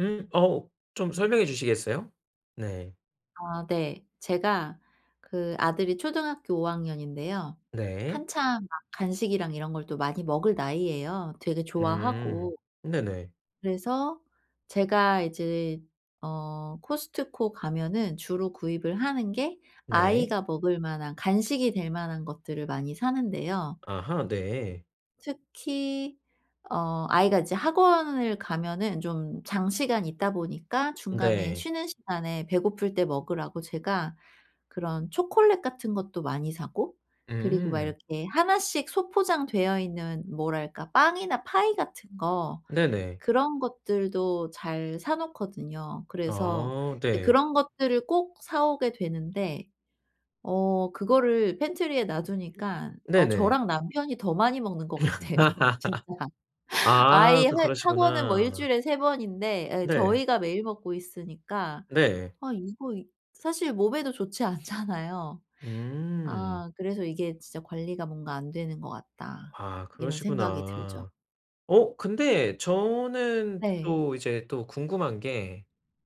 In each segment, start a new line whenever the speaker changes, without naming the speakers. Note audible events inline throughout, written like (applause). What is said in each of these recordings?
음 어 좀 설명해 주시겠어요? 네.
아 네. 제가 그 아들이 초등학교 5 학년인데요
네.
한참 막 간식이랑 이런 걸 또 많이 먹을 나이예요 되게 좋아하고.
음. 네네.
그래서 제가 이제 어 코스트코 가면은 주로 구입을 하는 게
네.
아이가 먹을 만한 간식이 될 만한 것들을 많이 사는데요.
아하 네.
특히 어 아이가 이제 학원을 가면은 좀 장시간 있다 보니까 중간에
네.
쉬는 시간에 배고플 때 먹으라고 제가 그런 초콜릿 같은 것도 많이 사고 그리고 막
음.
이렇게 1 씩 소포장되어 있는 뭐랄까 빵이나 파이 같은 거
네네.
그런 것들도 잘 사 놓거든요. 그래서
아
이제
네.
그런 것들을 꼭 사 오게 되는데 어 그거를 팬트리에 놔두니까 어
네네.
저랑 남편이 더 많이 먹는 것
(laughs)
같아요, 진짜.
아
아이 해
또
학원은 뭐
그러시구나.
일주일에 3 번인데 예
네.
저희가 매일 먹고 있으니까
네.
아 이거 이 사실 몸에도 좋지 않잖아요.
음.
아 그래서 '이게 진짜 관리가 뭔가 안 되는 것 같다.'
아
이런 생각이 들죠.
그러시구나. 어 근데 저는
네.
또 이제 또 궁금한 게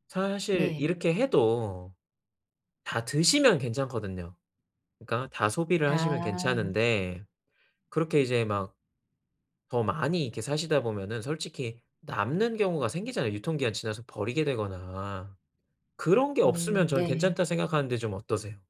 사실
네.
이렇게 해도 다 드시면 괜찮거든요. 그니까 다 소비를 하시면
아.
괜찮은데 그렇게 이제 막 더 많이 이렇게 사시다 보면은 솔직히 남는 경우가 생기잖아요, 유통 기한이 지나서 버리게 되거나. 그런 게 없으면
음
저는
네.
괜찮다 생각하는데 좀 어떠세요?